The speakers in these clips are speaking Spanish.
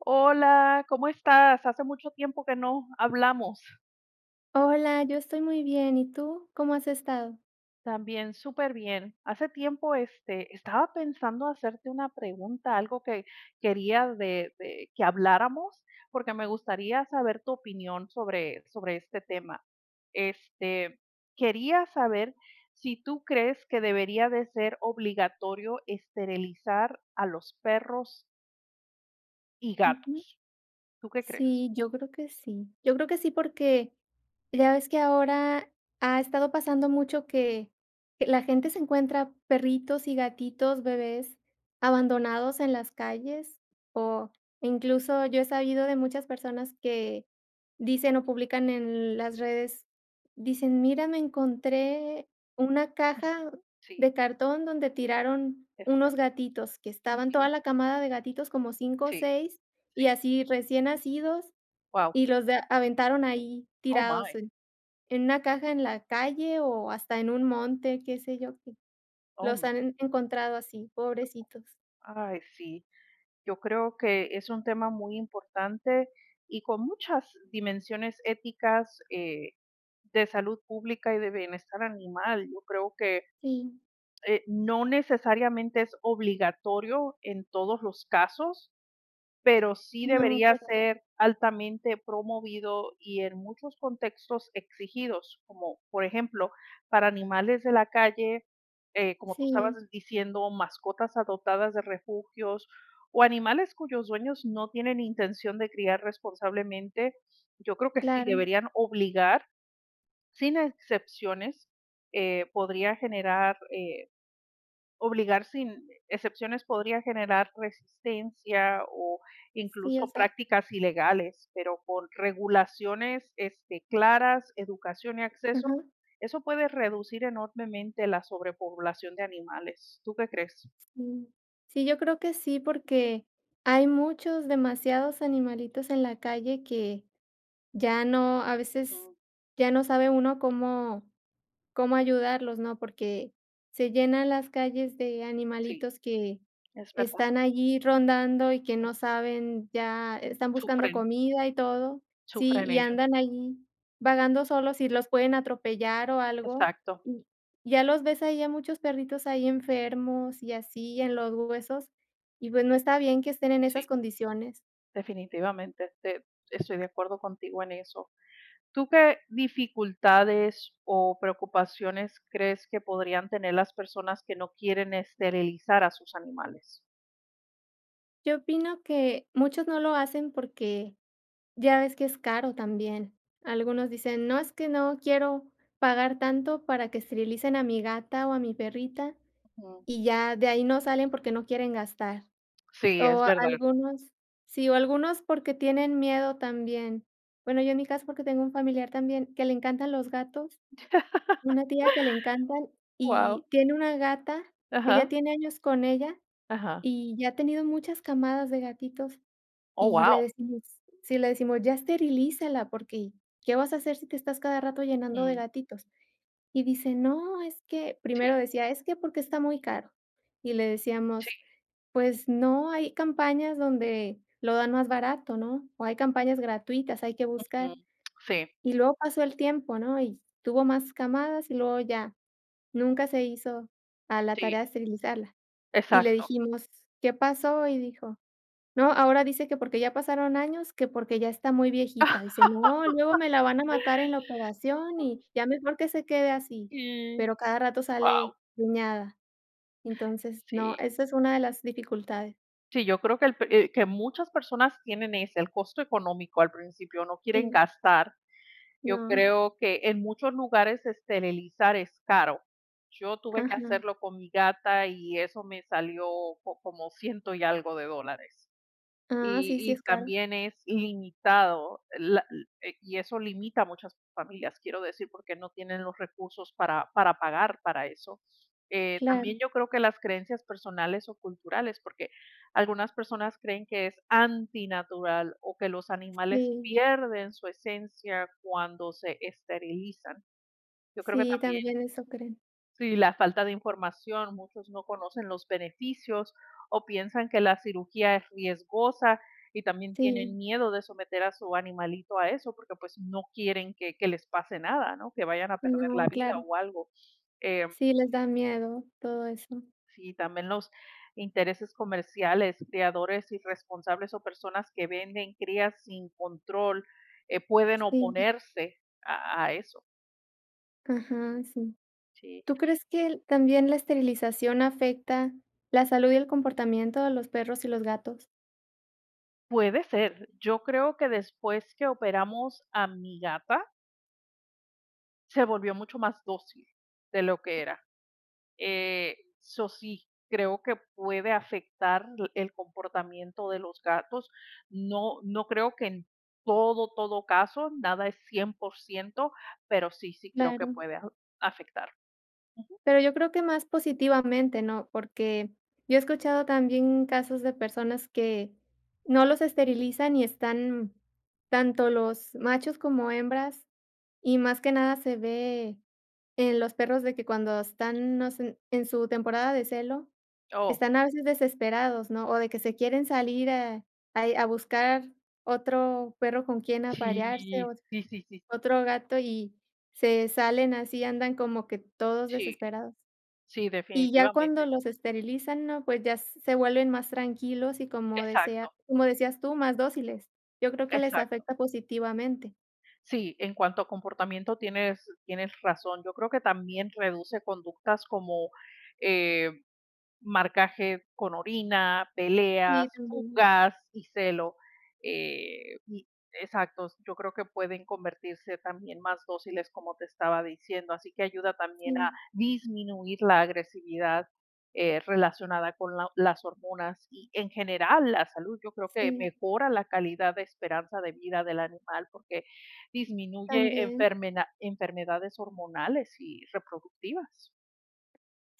Hola, ¿cómo estás? Hace mucho tiempo que no hablamos. Hola, yo estoy muy bien, ¿y tú? ¿Cómo has estado? También súper bien. Hace tiempo, este, estaba pensando hacerte una pregunta, algo que quería de de que habláramos, porque me gustaría saber tu opinión sobre sobre este tema. Este, quería saber si tú crees que debería de ser obligatorio esterilizar a los perros y Ujú. gatos. ¿Tú qué crees? Sí, yo creo que sí yo creo que sí, porque ya ves que ahora ha estado pasando mucho que que la gente se encuentra perritos y gatitos bebés abandonados en las calles. O incluso, yo he sabido de muchas personas que dicen o publican en las redes, dicen: "Mira, me encontré una caja Sí. de cartón donde tiraron unos Exacto. gatitos, que estaban toda Ujú. la camada de gatitos como 5 o Sí. 6 y Sí. así recién nacidos Wao. y los da aventaron ahí Oh, tirados my en una caja en la calle o hasta en un monte, ¿qué sé yo?". Oh, Los my han encontrado así, pobrecitos. Ay, sí. Yo creo que es un tema muy importante y con muchas dimensiones éticas, eh, de salud pública y de bienestar animal. Yo creo que, Sí. eh, no necesariamente es obligatorio en todos los casos, pero sí No, debería [unintelligible] ser altamente promovido y en muchos contextos exigidos, como por ejemplo, para animales de la calle, eh, como tú estabas Sí. diciendo, mascotas adoptadas de refugios o animales cuyos dueños no tienen intención de criar responsablemente, yo creo que sí Claro. deberían obligar, sin excepciones, eh, podría generar, eh, obligar sin excepciones podría generar resistencia o Sí, o incluso sea prácticas ilegales, pero por regulaciones, este, claras, educación y acceso, Ajá. eso puede reducir enormemente la sobrepoblación de animales. ¿Tú qué crees? Mm, sí, yo creo que sí, porque hay muchos, demasiados animalitos en la calle que, ya no, a veces, ya no sabe uno cómo cómo ayudarlos, ¿no?, porque se llenan las calles de Sí, animalitos que es verdad. están allí rondando y que no saben ya, están buscando Sufren. comida y todo, ¿sí? Sufren Y ellos. andan ahí vagando solos y los pueden atropellar o algo. Exacto. Y ya los ves ahí a muchos perritos ahí enfermos y así, en los huesos, y pues no está bien que estén en esas Sí. condiciones. Definitivamente, te estoy de acuerdo contigo en eso, ¿tú qué dificultades o preocupaciones crees que podrían tener las personas que no quieren esterilizar a sus animales? Yo opino que muchos no lo hacen porque ya ves que es caro también, algunos dicen: "No, es que no quiero pagar tanto para que esterilicen a mi gata o a mi perrita", Ujú. y ya de ahí no salen porque no quieren gastar, Sí, es o verdad. algunos Sí, o algunos porque tienen miedo también, bueno, yo en mi caso porque tengo un familiar también que le encantan los gatos, una tía que le encantan Wao. y tiene una gata que ya Ajá. tiene años con ella Ajá. y ya ha tenido muchas camadas de gatitos, Oh, y le wao. decimos Sí, le decimos: "Ya esterilízala porque, ¿qué vas a hacer si te estás cada rato llenando de Mm. gatitos?", y dice: "No, es que", Si. primero decía: "Es que porque está muy caro", y le Sí. decíamos: "Pues no, hay campañas donde lo dan más barato, ¿no?, o hay campañas gratuitas, hay que buscar", Ujú, si. y luego pasó el tiempo, ¿no?, y tuvo más camadas y luego ya, nunca se hizo a la tarea Sí. de esterilizarla, y le Exacto. dijimos: "¿Qué pasó?", y dijo: "No", ahora dice que porque ya pasaron años, que porque ya está muy viejita, dice: "No, luego me la van a matar en la operación y ya mejor que se quede así", Si, pero cada rato sale wao. preñada, entonces, no, Si. esa es una de las dificultades. Sí, yo creo que el pe eh, que muchas personas tienen ese, el costo económico al principio, no quieren Sí. gastar. Yo No. creo que en muchos lugares esterilizar es caro. Yo tuve que Ajá. hacerlo con mi gata y eso me salió como ciento y algo de dólares. Ah, Y sí, sí es y caro. también es limitado la l eh, y eso limita a muchas familias, quiero decir, porque no tienen los recursos para para pagar para eso. Eh, Claro. también yo creo que las creencias personales o culturales, porque algunas personas creen que es antinatural o que los animales Sí. pierden su esencia cuando se esterilizan. Yo creo que Sí, también también eso creen. Si la falta de información, muchos no conocen los beneficios o piensan que la cirugía es riesgosa y también Sí. tienen miedo de someter a su animalito a eso, porque, pues, no quieren que que les pase nada, ¿no?, que vayan a perder la No, vida claro. o algo. Em Sí, les da miedo todo eso. Sí, también los intereses comerciales, criadores irresponsables o personas que venden crías sin control, eh, pueden Sí. oponerse a a eso. Ajá, sí. Sí. ¿Tú crees que l también la esterilización afecta la salud y el comportamiento de los perros y los gatos? Puede ser, yo creo que después que operamos a mi gata se volvió mucho más dócil de lo que era. Eh, so sí, creo que puede afectar el comportamiento de los gatos. No no, creo que en todo, todo caso, nada es 100%, pero, sí sí creo que Claro. puede aju afectar. Ujú. Pero, yo creo que más positivamente, ¿no?, porque yo he escuchado también casos de personas, que no los esterilizan y están tanto los machos como hembras, y más que nada se ve en los perros de que cuando están, no sé, en su temporada de celo, Oh. están a veces desesperados, ¿no?, o de que se quieren salir a ahí a buscar otro perro con quién aparearse, Sí, ot sí, sí, sí. otro gato, y se salen así, andan como que todos Sí. desesperados. Sí, Y ya cuando definitivamente. los esterilizan, ¿no?, pues, ya se vuelven más tranquilos y, como desea Exacto. como decías tú: "Más dóciles". Yo creo que les Exacto. afecta positivamente. Sí, en cuanto a comportamiento tienes tienes razón. Yo creo que también reduce conductas como, eh, marcaje con orina, peleas, Sí, [unintelligible] fugas y celo, eh, y exactos, yo creo que pueden convertirse también más dóciles, como te estaba diciendo. Así que ayuda también a Sí. disminuir la agresividad, eh, relacionada con la las hormonas. Y en general la salud, yo creo que Sí. mejora la calidad de esperanza de vida del animal, porque, disminuye También. enfermeda enfermedades hormonales y reproductivas.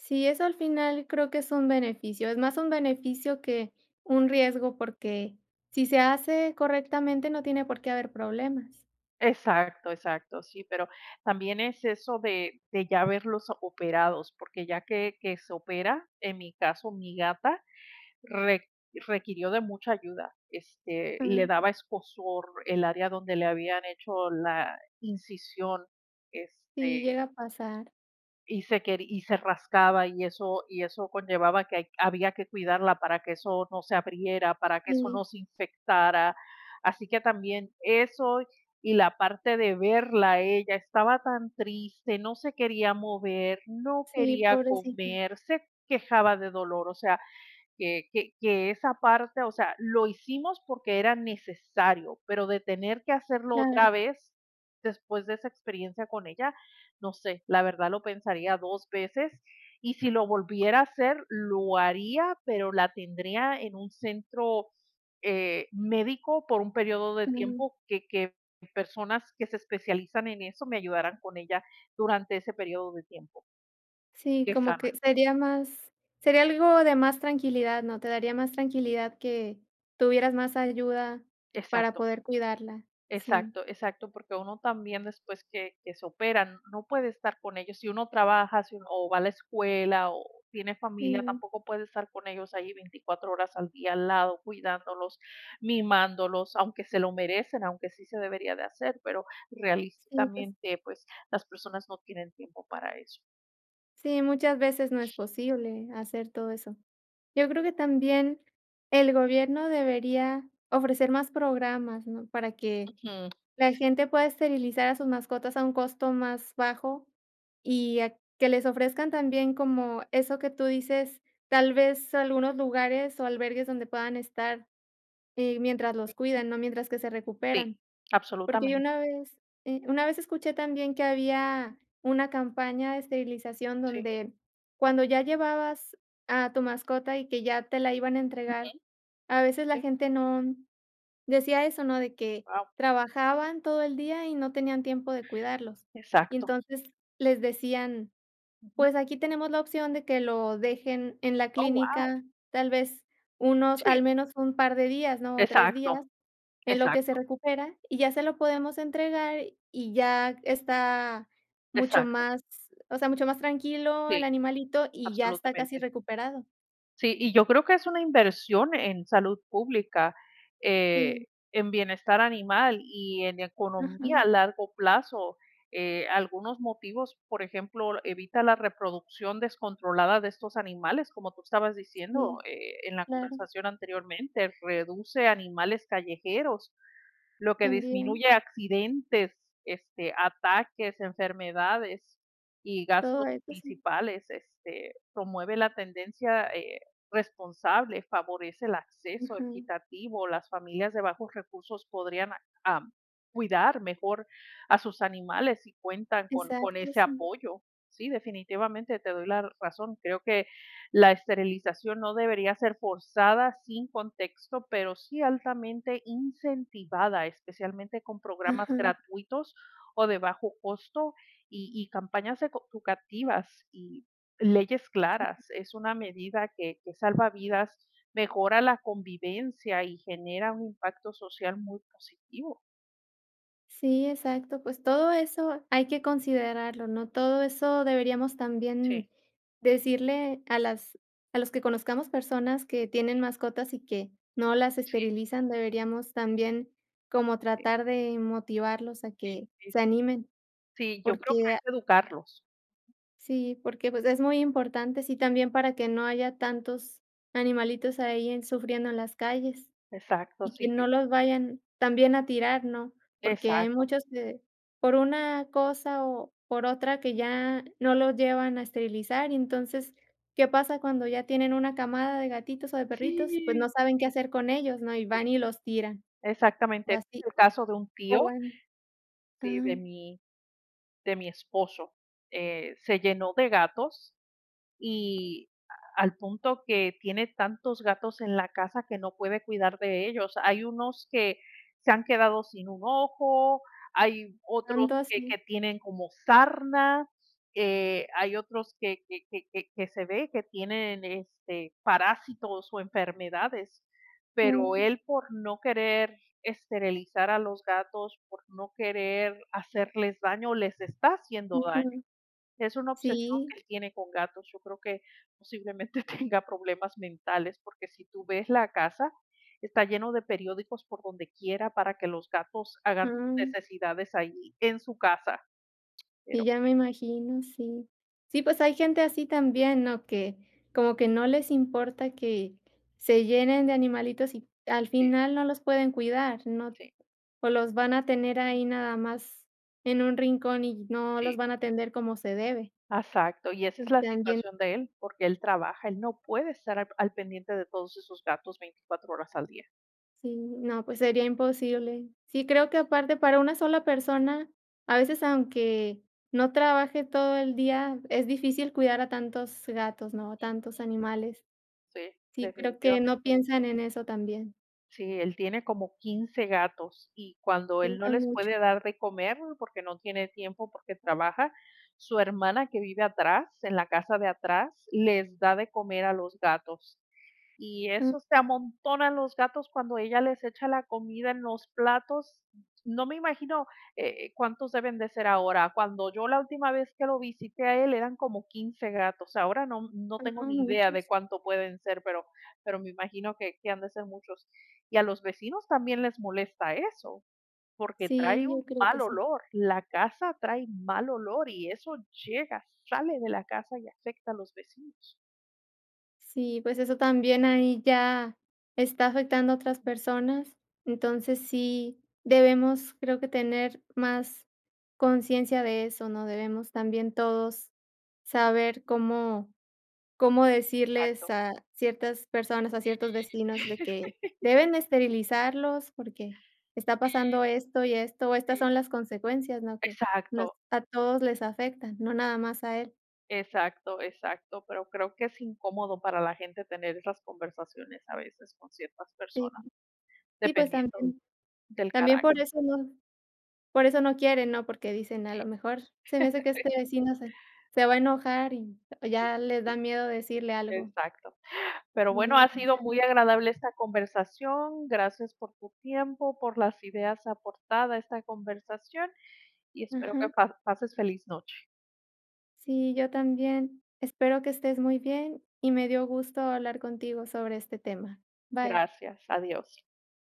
Sí, eso al final creo que es un beneficio, es más un beneficio que un riesgo, porque, si se hace correctamente no tiene por qué haber problemas. Exacto exacto, sí, pero también es eso de de ya verlos operados, porque, ya que que se opera, en mi caso, mi gata re requirió de mucha ayuda, este, le Uju. daba escozor el área donde le habían hecho la incisión, Sí, este llega a pasar. y se queri y se rascaba, y eso y eso conllevaba a que hay que había que cuidarla para que eso no se abriera, para que eso Sí. no se infectara. Así que también, eso y la parte de verla a ella, estaba tan triste, no se quería mover, no Sí, quería pobrecita. comer, se quejaba de dolor. O sea, que que que esa parte o sea, lo hicimos porque, era necesario, pero de tener que hacerlo Claro. otra vez después de esa experiencia con ella, no sé, la verdad lo pensaría dos veces y si lo volviera a hacer, lo haría, pero, la tendría en un centro, eh, médico por un periodo de Claro. tiempo, que que personas que se especializan en eso, me ayudaran con ella durante ese periodo de tiempo. Sí, Que como que sana. sería más sería algo de más tranquilidad, ¿no? Te daría más tranquilidad que, tuvieras más ayuda para Exacto. poder cuidarla. Sí. Exacto exacto, porque uno también después que que se operan, no puede estar con ellos. Si uno trabaja, si uno o va a la escuela o tiene familia, Sí. tampoco puede estar con ellos ahí 24 horas al día, al lado cuidándolos, mimándolos, aunque se lo merecen, aunque sí se debería de hacer, pero, Sí, pues realistamente, pues, las personas no tienen tiempo para eso. Sí, muchas veces no es posible, hacer todo eso. Yo creo que también, el gobierno debería, ofrecer más programas, ¿no?, para que Ujú. la gente pueda esterilizar a sus mascotas a un costo más bajo y a que les ofrezcan también como eso que tú dices, tal vez algunos lugares o albergues donde puedan estar, eh, mientras los [unintelligible] cuidan, ¿no?, mientras que se Sí, recuperan. Porque yo absolutamente. una vez, eh, una vez escuché también que había una campaña de esterilización Sí. donde, cuando ya llevabas a tu mascota y que ya te la iban a Ujú. entregar, a veces la Sí. gente no, decía eso, ¿no?, de que Wao. trabajaban todo el día y no tenían tiempo de cuidarlos. Y Exacto. entonces, les decían: Ujú. "Pues aquí tenemos la opción de que lo dejen en la Oh, wao. clínica tal vez unos al Sí. menos un par de días, ¿no? O 3 días Exacto, en lo que se exacto. recupera, y ya se lo podemos entregar y ya está, mucho Exacto. más, o sea, mucho más tranquilo el Sí, animalito y ya está casi absolutamente. recuperado". Sí, y yo creo que es una inversión en salud pública, Sí. eh, en bienestar animal y en economía a Ajá. largo plazo. Eh, algunos motivos, por ejemplo, evita la reproducción descontrolada de estos animales, como tú estabas diciendo, Sí, eh, en la claro. conversación anteriormente, reduce animales callejeros, lo que También. disminuye accidentes, este, ataques, enfermedades y Todo gastos esto, sí. principales, este, promueve la tendencia eh, responsable, favorece el acceso Ajá. equitativo, las familias de bajos recursos podrían a am, cuidar mejor a sus animales si cuentan con con Exacto, ese sí. apoyo. Sí, definitivamente te doy la razón. Creo que, la esterilización no debería ser forzada sin contexto, pero sí altamente incentivada, especialmente con programas Ajá. gratuitos o de bajo costo y y campañas eco educativas y leyes Sí. claras, es una medida que que salva vidas, mejora la convivencia y genera un impacto social muy positivo. Sí, exacto, pues todo eso hay que considerarlo, ¿no?, todo eso deberíamos Sí. también decirle a las a los que conozcamos personas que tienen Sí. mascotas y que no las Sí. esterilizan, deberíamos también como Sí. tratar de motivarlos a Sí, que sí. se animen, Sí, yo creo que porque, ah es educarlos. sí, porque, pues, es muy importante, sí, también para que no haya tantos animalitos ahí en sufriendo en las calles, Exacto, y que sí, yo no los vayan también a tirar, ¿no?, porque hay Exacto. muchos que, por una cosa o por otra, que ya no los llevan a esterilizar, y entonces, ¿qué pasa cuando ya tienen una camada de gatitos o de perritos? Pues, Sí, no saben qué sí, hacer con ellos, ¿no?, y sí, van y los tiran, exactamente, o es así el caso de un o, tío, bueno sí, ajá. de mi de mi esposo, eh, se llenó de gatos y al punto que tiene tantos gatos en la casa que no puede cuidar de ellos, hay unos que se han quedado sin un ojo, hay otros Tanto que así. que tienen como sarna, eh, hay otros que que que que se ve que tienen, este, parásitos o enfermedades, pero Mm. él por no querer esterilizar a los gatos, por no querer hacerles daño, les está haciendo daño, Ujú. es una obsesión Sí. que él tiene con gatos, yo creo que posiblemente tenga problemas mentales, porque si tú ves la casa, está lleno de periódicos por donde quiera para que los gatos hagan sus Ujú. necesidades allí en su casa, Y pero ya me imagino, sí, sí, pues hay gente así también, ¿no?, que como que no les importa que se llenen de animalitos y al Sí. final no los pueden cuidar, no, Sí. o los van a tener ahí nada más en un rincón y no los Sí. van a atender como se debe. Exacto, y esa es Y la también situación de él, porque él trabaja, él no puede estar al p al pendiente de todos esos gatos 24 horas al día. Sí, no, pues sería imposible, sí, creo que aparte para una sola persona, a veces aunque no trabaje todo el día, es difícil cuidar a tantos gatos, ¿no?, a tantos animales Sí, sí, creo que no definitivamente. piensan en eso también. Sí, él tiene como 15 gatos y cuando él no Pintan les mucho. puede dar de comer porque no tiene tiempo, porque trabaja, su hermana que vive atrás, en la casa de atrás, les da de comer a los gatos, y Ah. eso se amontonan los gatos cuando ella les echa la comida en los platos. No me imagino, eh eh, cuántos deben de ser ahora. Cuando yo la última vez que lo visité a él eran como 15 gatos, ahora no m no tengo Guau, ni idea de muchos. cuánto pueden ser, pero pero me imagino que que han de ser muchos. Y a los vecinos también les molesta eso, porque Sí, trae yo un creo que mal sí. olor, la casa trae mal olor y eso llega, sale de la casa y afecta a los vecinos. Sí, pues, eso también ahí ya está afectando a otras personas. Entonces, sí debemos, creo que tener más consciencia de eso, ¿no?, debemos también todos saber cómo cómo decirles Exacto. a ciertas personas, a Sí. ciertos vecinos, de que deben de esterilizarlos, porque está pasando Sí. esto y esto, estas Sí. son las consecuencias, ¿no?, que nos Exacto. a todos les afecta, no nada más a él. Exacto, exacto. Pero creo que es incómodo para la gente tener esas conversaciones, a veces, con ciertas Sí. personas, Sí, pues, dependiendo también del también carácter. por eso no por eso no quieren, ¿no?, porque dicen: "A lo Sí. mejor, se me hace que este vecino se se va a enojar", y y Sí. ya le da miedo decirle algo. Exacto. Pero, bueno, No, ha no sido salen. muy agradable esta conversación, gracias por tu tiempo, por las ideas aportada a esta conversación, y espero que Ajá. pa pases feliz noche. Sí, yo también. Espero que estés muy bien, y me dio gusto hablar contigo sobre este tema. Bye. Gracias, adiós.